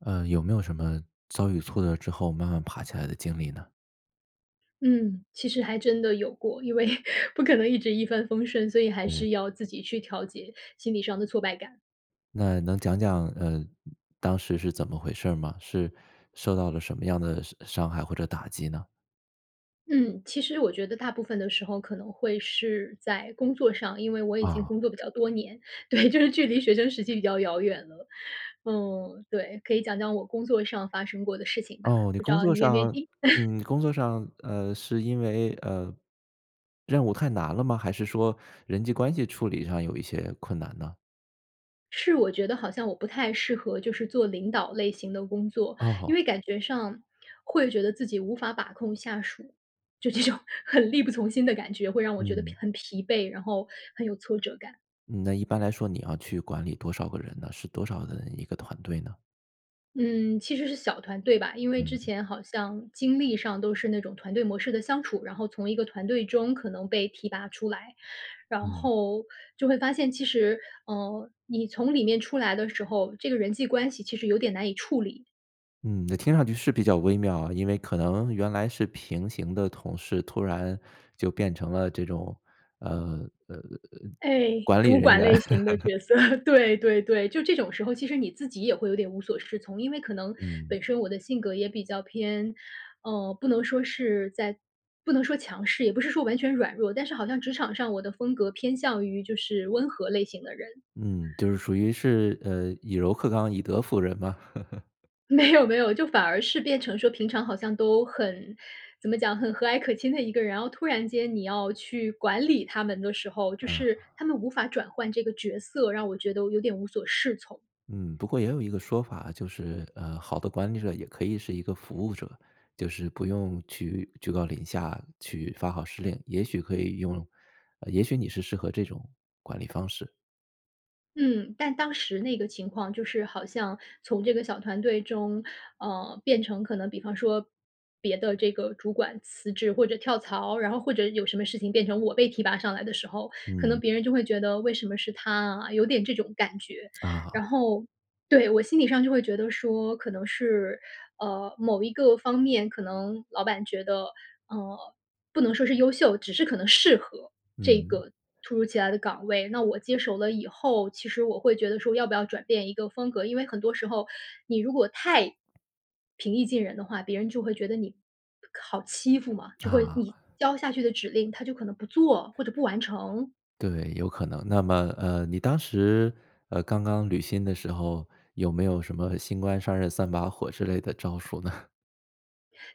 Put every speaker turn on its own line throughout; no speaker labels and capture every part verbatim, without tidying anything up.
呃，有没有什么，遭遇挫折之后慢慢爬起来的经历呢？
嗯，其实还真的有过。因为不可能一直一帆风顺，所以还
对。
是要自己去调节心理上的挫败感。
那能讲讲呃，当时是怎么回事儿吗？是受到了什么样的伤伤害或者打击呢？
嗯，其实我觉得大部分的时候可能会是在工作上，因为我已经
啊。
工作比较多年。对，就是距离学生时期比较遥远了。嗯，对。可以讲讲我工作上发生过的事情吧，
哦，你
不知
工
道
作
你愿不愿意
上
听？
嗯，你工作上，呃，是因为呃，任务太难了吗？还是说人际关系处理上有一些困难呢？
是我觉得好像我不太适合就是做领导类型的工作，因
哦。
为感觉上，会觉得自己无法把控下属。就这种很力不从心的感觉会让我觉得疲
嗯。
很疲惫，然后很有挫折感。
嗯，那一般来说你要去管理多少个人呢？是多少的人一个团队呢？
嗯，其实是小团队吧。因为之
嗯。
前好像经历上都是那种团队模式的相处，然后从一个团队中可能被提拔出来，然
嗯。
后，就会发现，其实，呃，你从里面出来的时候，这个人际关系其实有点难以处理。
嗯，那听上去是比较微妙啊。因为可能原来是平行的同事，突然就变成了这种，呃呃，
哎，
管理
主
人
管
员。
类型的 角色，对对对。就这种时候，其实你自己也会有点无所适从。因为可能
嗯。
本身我的性格也比较偏，呃，不能说是在不能说强势，也不是说完全软弱，但是好像职场上我的风格偏向于就是温和类型的人。
嗯，就是属于是，呃，以柔克刚、以德服人嘛。
没有没有，就反而是变成说平常好像都很，怎么讲很和蔼可亲的一个人，然后突然间你要去管理他们的时候，就
嗯。
是他们无法转换这个角色，让我觉得有点无所适从。
嗯，不过也有一个说法，就是，呃，好的管理者也可以是一个服务者。就是不用去居高临下，去发号施令，也许可以用啊，也许你是适合这种，管理方式。
嗯，但当时那个情况就是好像从这个小团队中，呃，变成可能比方说，别的这个主管辞职或者跳槽，然后或者有什么事情变成我被提拔上来的时候，可能
嗯。
别人就会觉得“为什么是她啊？”有点这种感觉。
啊。
然后对，我心里上就会觉得说，可能是，呃，某一个方面可能老板觉得，呃，不能说是优秀，只是可能适合，这
嗯。
个突如其来的岗位。那我接手了以后，其实我会觉得说要不要转变一个风格。因为很多时候你如果太，平易近人的话，别人就会觉得你，考欺负嘛。就会
啊。
你交下去的指令，他就可能不做或者不完成。
对，有可能。那么，呃，你当时，呃，刚刚履新的时候，有没有什么新官上任三把火之类的招数呢？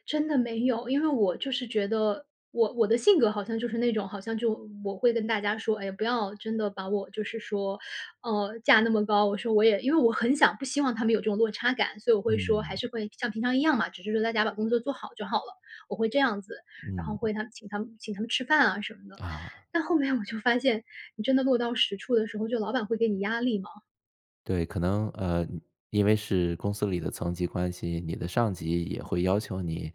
真的没有。因为我就是觉得我我的性格好像就是那种好像就我会跟大家说，哎呀，不要真的把我就是说，呃，架那么高，我说我也因为我很想不希望他们有这种落差感，所以我会说还
嗯。
是会像平常一样嘛，只是说大家把工作做好就好了。我会这样子，然后
嗯。
会他请他们请他们吃饭啊，什么的。
啊。
但后来我就发现，你真的落到实处的时候，就老板会给你压力嘛。
对，可能，呃，嗯，因为是公司里的层级关系，你的上级也会要求你，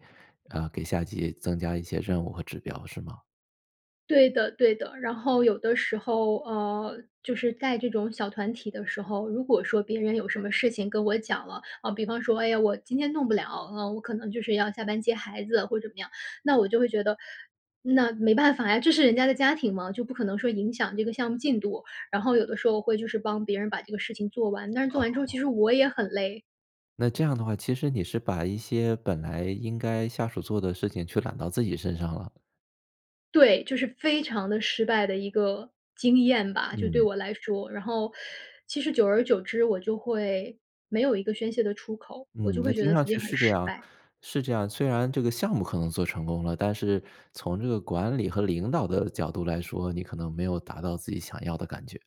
呃，给下级增加一些任务和指标是吗？
对的对的，然后有的时候，呃，就是在这种小团体的时候，如果说别人有什么事情跟我讲了，啊，比方说“哎呀，我今天弄不了。嗯，我可能就是要下班接孩子”或者怎么样，那我就会觉得，那没办法呀，这是人家的家庭嘛，就不可能说影响这个项目进度，然后有的时候会就是帮别人把这个事情做完，但是做
啊
完之后其
吼。
实我也很累。
那这样的话，其实你是把一些本来应该下属做的事情却揽到自己身上了。
对，就是非常地失败的一个经验吧，就对
嗯。
我来说。然后，其实久而久之我就会没有一个宣泄的出口，我就
嗯，那
会觉
听
得
上
自己
去
很
是这
失
样
败。
是这样，虽然这个项目可能做成功了，但是从这个管理和领导的角度来说，你可能没有达到自己想要的感觉。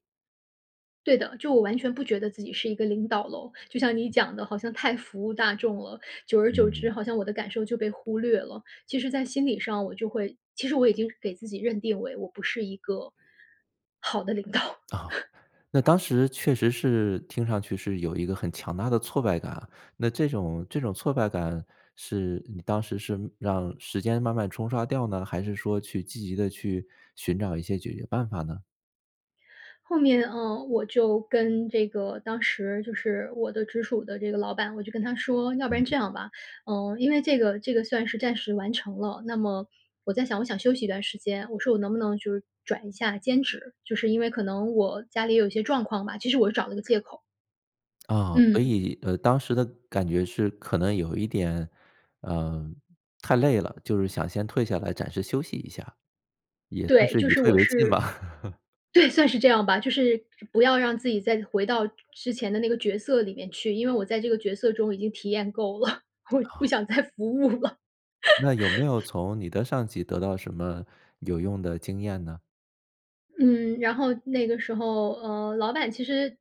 对的，就我完全不觉得自己是一个领导咯。就像你讲的好像太服务大众了，久而久之
嗯。
好像我的感受就被忽略了。其实在心理上我就会其实我已经给自己认定为我不是一个，好的领导。
哦，那当时确实是听上去是有一个很强大的挫败感啊。那这种这种挫败感是你当时是让时间慢慢冲刷掉呢，还是说去积极地去寻找一些解决办法呢？
后面，嗯，我就跟这个当时就是我的直属的这个老板，我就跟他说：“要不然这
嗯。
样吧，呃，因为这个这个算是暂时完成了，那么我在想，我想休息一段时间。”我说：“我能不能就是转一下兼职，就是因为可能我家里也有一些状况吧。”其实我是找了个借口。
啊，所
嗯。
以，呃，当时的感觉是可能有一点，呃，太累了，就是想先退下来暂时休息一下，也算
对，
是
就
以
是
退
我
为进吧。
是 对，算是这样吧。就是不要让自己再回到之前的那个角色里面去，因为我在这个角色中已经体验够了，我不想再服务了。
那有没有 从你的上级得到什么有用的经验呢？
嗯，然后那个时候，呃，老板其实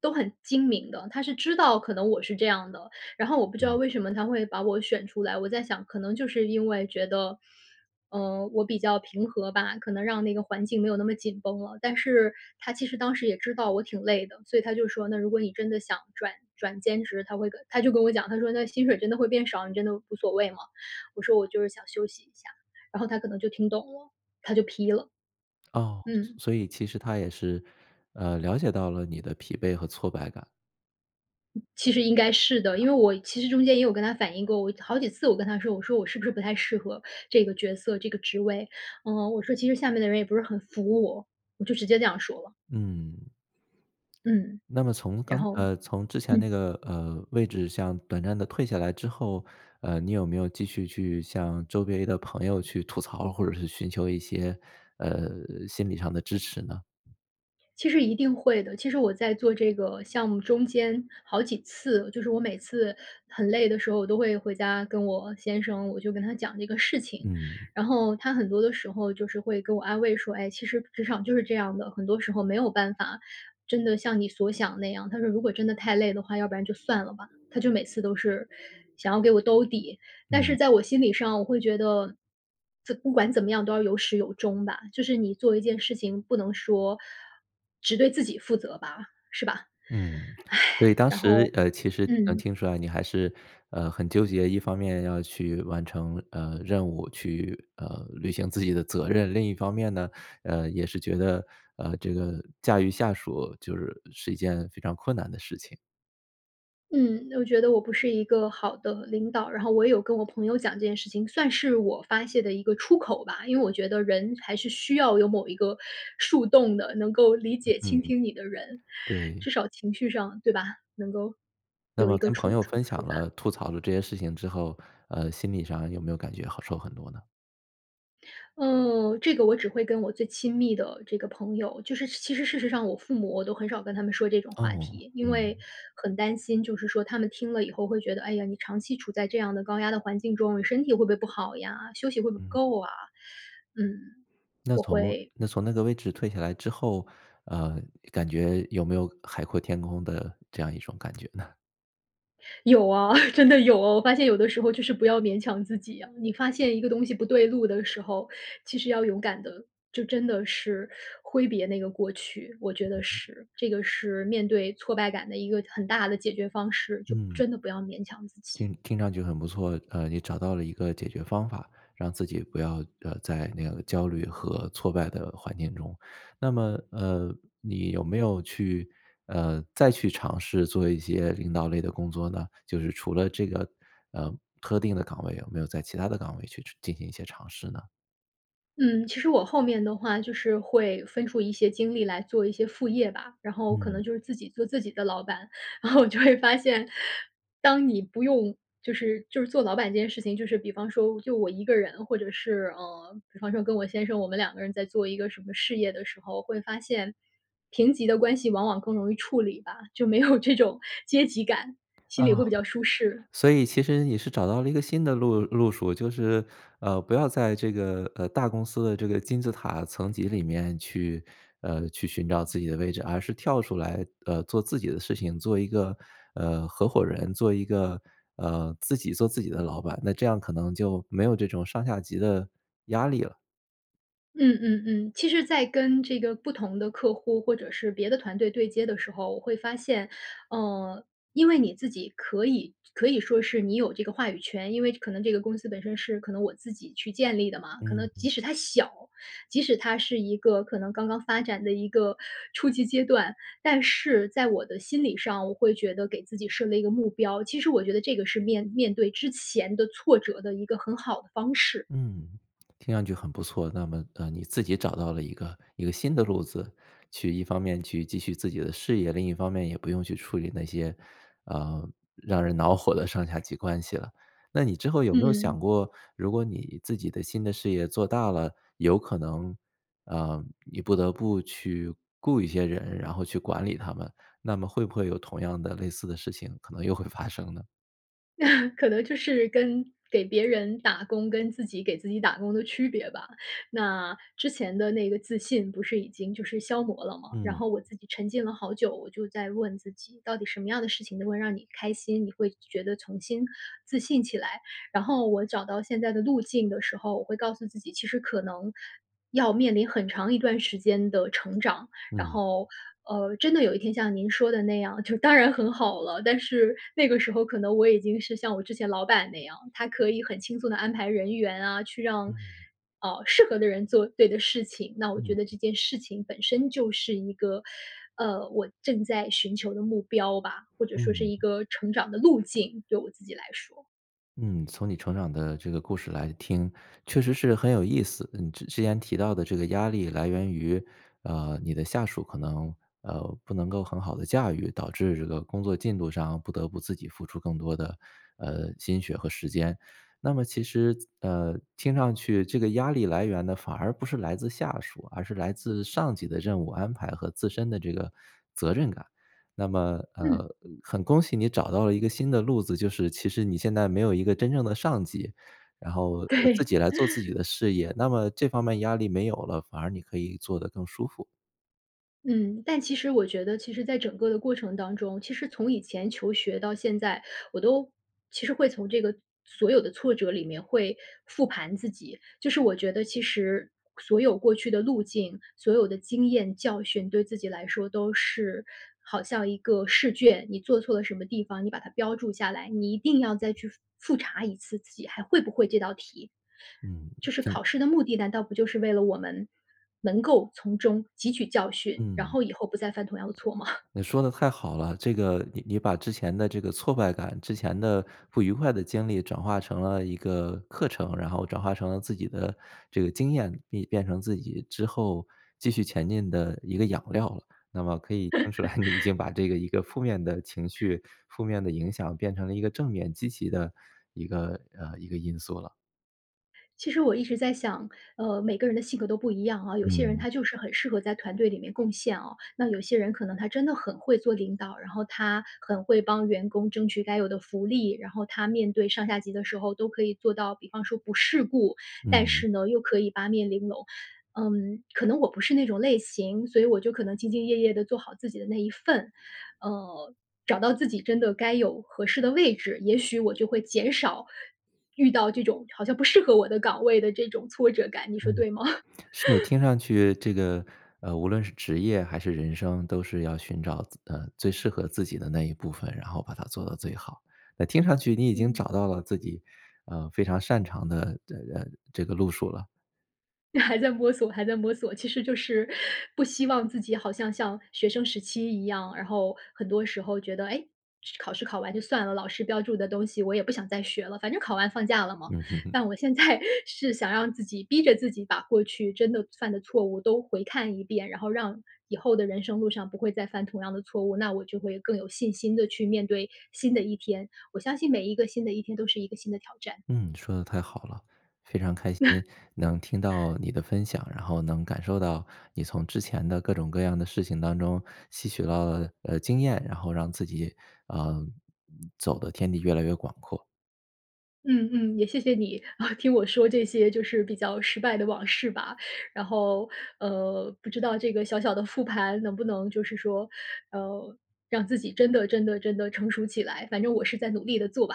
都很精明的，他是知道可能我是这样的。然后我不知道
嗯。
为什么他会把我选出来，我在想可能就是因为觉得，嗯，我比较平和吧，可能让那个环境没有那么紧绷了。但是他其实当时也知道我挺累的，所以他就说：“那如果你真的想转转兼职”他会跟他就跟我讲，他说：“那薪水真的会变少，你真的无所谓吗？”我说：“我就是想休息一下。”然后他可能就听懂了，他就批了。
哦，所
嗯。
所所以其实他也是，呃，了解到了你的疲惫和挫败感。
其实应该是的。因为我其实中间也有跟他反映过，我好几次我跟他说，我说：“我是不是不太适合这个角色、这个职位？”嗯，我说：“其实下面的人也不是很服我。”我就直接这样说了。
嗯。
嗯，
那么从刚
然后
呃，从之前那
嗯。
个，呃，位置向短暂地退下来之后，呃，你有没有继续去向周围的朋友去吐槽儿，或者是寻求一些，呃，心理上的支持呢？
其实一定会的。其实我在做这个项目中间好几次，就是我每次很累的时候，我都会回家跟我先生，我就跟他讲这个事情。
嗯。
然后他很多的时候就是会给我安慰说：“唉，其实职场就是这样的，很多时候没有办法真的像你所想的那样。“他说：”如果真的太累的话，要不然就算了吧。”他就每次都是想要给我兜底。但是
嗯。
在我心里上我会觉得，仄不管怎么样都要有始有终吧。就是你做一件事情不能说，只对自己负责吧，是吧？
嗯，所以 当
然
时
后
呃，其实能
嗯。
听出来你还是，呃，很纠结。一方面要去完成，呃，任务，去，呃，履行自己的责任。另一方面呢，呃，也是觉得，呃，这个驾驭下属就是是一件非常困难的事情。
嗯，我觉得我不是一个好的领导。然后我也有跟我朋友讲这件事情，算是我发泄的一个出口吧。因为我觉得人还是需要有某一个树洞的，能够理解倾
嗯，
听你的人。
对。
至少情绪上，对吧？能够，
那
有一
么
个
跟
触-
朋友
触
分享
触
了、
发。
吐槽了这些事情之后，呃，心理上有没有感觉好受很多呢？
嗯，这个我只会跟我最亲密的这个朋友就是其实事实上我父母，我都很少跟他们说这种话
哦，
题。因为
嗯。
很担心，就是说他们听了以后会觉得：“哎呀，你长期处在这样的高压的环境中，你身体会不会不好呀？休息会不会不
嗯。
够啊？”嗯，
那
我
从
会
那从那个位置退下来之后，呃，感觉有没有海阔天空的这样一种感觉呢？
有啊，真的有。我发现有的时候就是不要勉强自己啊。你发现一个东西不对路的时候，其实要勇敢地就真的是挥别那个过去，我觉得是。这个是面对挫败感的一个很大的解决方式，就
嗯。
真的不要勉强自己。
听听上去很不错。呃，你找到了一个解决方法，让自己不要呃，在那个焦虑和挫败的环境中。那么，呃，你有没有去，呃，再去尝试做一些领导类的工作呢？就是除了这个呃，特定的岗位，有没有在其它的岗位去去进行一些尝试呢？
嗯，其实我后面的话就是会分出一些精力来做一些副业吧，然后可能
嗯。
就是自己做自己的老板。然后我就会发现，当你不用就是就是做老板这件事情，就是比方说就我一个人或者是呃，比方说跟我先生，我们两个人在做一个什么事业的时候，会发现，平级的关系往往更容易处理吧。就没有这种阶级感，心
啊，
里会比较舒适。
所以其实你是找到了一个新的路路数。就是，呃，不要在这个呃，大公司的这个金字塔层级里面去呃，去寻找自己的位置，而是跳出来呃，做自己的事情，做一个，呃，合伙人，做一个呃，自己做自己的老板。那这样可能就没有这种上下级的压力了。
嗯嗯嗯。其实在跟这个不同的客户或者是别的团队对接的时候，我会发现，呃，因为你自己可以就可以说是你有这个话语权。因为可能这个公司本身是可能我自己去建立的嘛，可
嗯
能
嗯。
即使它小，即使它是一个可能刚刚发展的一个初期阶段。但是在我的心理上，我会觉得给自己设了一个目标，其实我觉得这个是面面对之前的挫折的一个很好的方式。
嗯，听上去很不错。那么，呃，你自己找到了一个一个新的路子，去一方面去继续自己的事业，另一方面也不用去处理那些，呃，让人恼火的上下级关系了。那你之后有没有
嗯。
想过，如果你自己的新的事业做大了，有可能，啊，你不得不去雇一些人，然后去管理他们。那么会不会有同样的、类似的事情可能又会发生呢？
可能就是跟给别人打工，跟自己给自己打工的区别吧。那之前的那个自信不是已经就是消磨了嘛，然
嗯。
后我自己沉浸了好久。我就在问自己到底什么样的事情能够让你开心，你会觉得重新自信起来。然后我找到现在的路径的时候，我会告诉自己其实可能要面临很长一段时间的成长。然
嗯。
后，呃，真的有一天像您说的那样，就当然很好了，但是那个时候可能我已经是像我之前老板那样，他可以很轻松地安排人员啊，去让，
嗯。
呃，适合的人做对的事情。那我觉
嗯。
得这件事情本身就是一个，呃，我正在寻求的目标吧，或者说是
嗯。
一个成长的路径，对我自己来说。
嗯。从你成长的这个故事来听，确实是很有意思。嗯，之前提到的这个压力来源于，呃，你的下属可能，呃，不能够很好地驾驭，导致这个工作进度上不得不自己付出更多的，呃，心血和时间。那么其实，呃，听上去这个压力来源呢反而不是来自下属，而是来自上级的任务安排和自身的这个责任感。那么，
嗯。
呃，很恭喜你找到了一个新的路子，就是其实你现在没有一个真正的上级，然后，
对。
呃，自 己来做自己的事业。那么这方面压力没有了，反而你可以做得更舒服。
嗯，但其实我觉得其实在整个的过程当中，其实从以前求学到现在，我都其实会从这个所有的挫折里面会复盘自己。就是我觉得其实，所有过去的路径，所有的经验、教训，对自己来说都是好像一个试卷。你做错了什么地方，你把它标注下来，你一定要再去复复查一次自己还会不会这道题。
嗯，
就是
听
考试的目的，难道不就是为了我们，能够从中汲取教训，然
嗯。
后以后不再犯同样的错吗？
你说得太好了。这个你你把之前的这个挫败感，之前的不愉快的经历转化成了一个课程，然后转化成了自己的这个经验，变变成自己之后继续前进的一个养料了。那么可以听出来你已经 把这个一个负面的情绪、负面的影响变成了一个正面积极的一个呃，一个因素了。
其实我一直在想，呃，每个人的性格都不一样啊。有些人
嗯。
他就是很适合在团队里面贡献哦，那有些人可能他真的很会做领导，然后他很会帮员工争取该有的福利。然后他面对上下级的时候都可以做到，比方说不世故，但
嗯。
是呢又可以八面玲珑。嗯，可能我不是那种类型，所以我就可能兢兢业业地做好自己的那一份。呃，找到自己真的该有合适的位置，也许我就会减少，遇到这种好像不适合我的岗位的这种挫折感，你说
嗯。
对吗？
是，听上去这个呃，无论是职业还是人生，都是要寻找自呃，最适合自己的那一部分，然后把它做到最好。那听上去你已经
嗯。
找到了自己，呃，非常擅长的这呃，这个路数了。
还在摸索还在摸索，其实就是，不希望自己好像像学生时期一样，然后很多时候觉得：“诶，考试考完就算了，老师标注的东西我也不想再学了，反正考完放假了嘛！”
嗯。
但我现在，是想让自己逼着自己把过去真的犯的错误都回看一遍，然后让以后的人生路上不会再犯同样的错误，那我就会更有信心地去面对新的一天。我相信每一个新的一天都是一个新的挑战。
嗯，说得太好了。非常开心 能听到你的分享，然后能感受到你从之前的各种各样的事情当中，吸取唠了，呃，经验，然后让自己，呃，走得天地越来越广阔。
嗯嗯，也谢谢你，听我说这些就是比较失败的往事吧。然后，呃，不知道这个小小的复盘能不能就是说，呃，让自己真的真的真的成熟起来，反正我是在努力地做吧。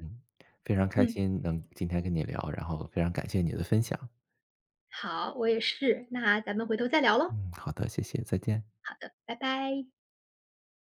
嗯，非 常开
嗯。
心能今天跟你聊，然后非常感谢你的分享。
好，我也是，那咱们回头再聊咯。
嗯，好的，谢谢，再见。
好的，拜拜。